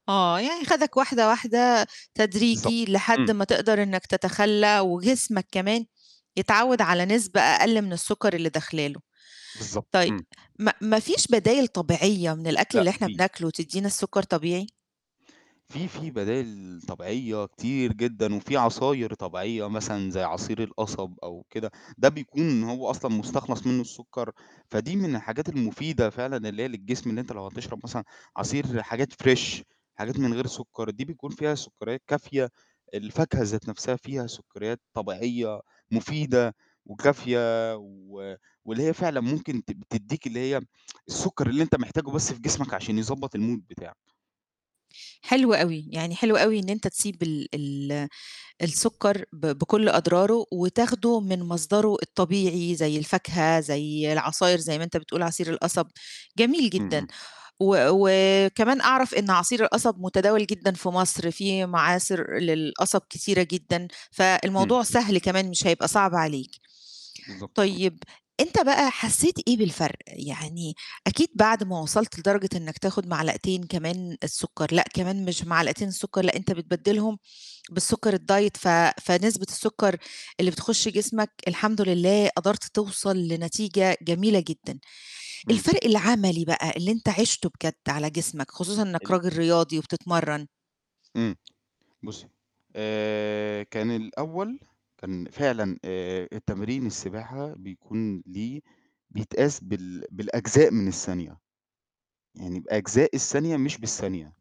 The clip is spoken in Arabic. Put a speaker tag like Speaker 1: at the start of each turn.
Speaker 1: آه يعني خدك واحدة، واحدة
Speaker 2: بالضبط
Speaker 1: تدريجي لحد
Speaker 2: إمم.
Speaker 1: ما تقدر إنك تتخلّى وجسمك كمان يتعوّد على نسبة أقل من السُكّر اللي داخلة له،
Speaker 2: بالضبط
Speaker 1: طيب
Speaker 2: إمم.
Speaker 1: ما ما فيش بدايل طبيعية من الأكل
Speaker 2: لأ
Speaker 1: اللي إحنا
Speaker 2: في.
Speaker 1: بناكله تدّينا السُكّر طبيعي؟
Speaker 2: في في بدايل طبيعية كتير جدًا، وفي عصاير طبيعية مثلًا زي عصير القصب أو كده ده بيكون هو أصلًا مستخلص منه السُكّر، فدي من الحاجات المفيدة فعلًا اللي هي للجسم اللي أنت لو هتشرب مثلًا عصير حاجات Fresh حاجات من غير سُكّر دي بيكون فيها سُكّريات كافية، الفاكهة ذات نفْسها فيها سُكّريات طبيعية مفيدة وكافية و واللي هي فعلًا ممكن ت تدِّيك اللي هي السُكّر اللي أنت محتاجه بس في جسمك عشان يضبّط المود بتاعك.
Speaker 1: حلو أوي، يعني حلو أوي إن أنت تسيب ال ال السُكّر ب بكلّ أضراره وتاخده من مصدره الطبيعي زي الفاكهة، زي العصاير زي ما أنت بتقول عصير القصب، جميل
Speaker 2: إمم،
Speaker 1: جدًا،
Speaker 2: إمم.
Speaker 1: و وكمان أعرف إن عصير القصب متداول جدًا في مصر، في معاصر للقصب كتيرة جدًا،
Speaker 2: إمم.
Speaker 1: فالموضوع سهل كمان مش هيبقى صعب عليك،
Speaker 2: بالضبط. امم.
Speaker 1: طيب أنت بقى حسّيت إيه بالفرق؟ يعني أكيد بعد ما وصلت لدرجة إنك تاخد معلقتين كمان السُكّر، لأ كمان مش معلقتين السُكّر لأ أنت بتبدلهم بالسُكّر الdiet ف فنسبة السُكّر اللي بتخش جسمك الحمد لله قدرت توصل لنتيجة جميلة جدًا،
Speaker 2: إمم.
Speaker 1: الفرق العملي بقى اللي أنت عِشته بجد على جسمك، خصوصًا إنك
Speaker 2: ال
Speaker 1: راجل رياضي وبتتمرّن
Speaker 2: إمم بُصّي، آآ كان الأول كان فعلًا آآ التمرين السباحة بيكون ليه بيتقاس بال بالأجزاء من الثانية، يعني بأجزاء الثانية مش بالثانية.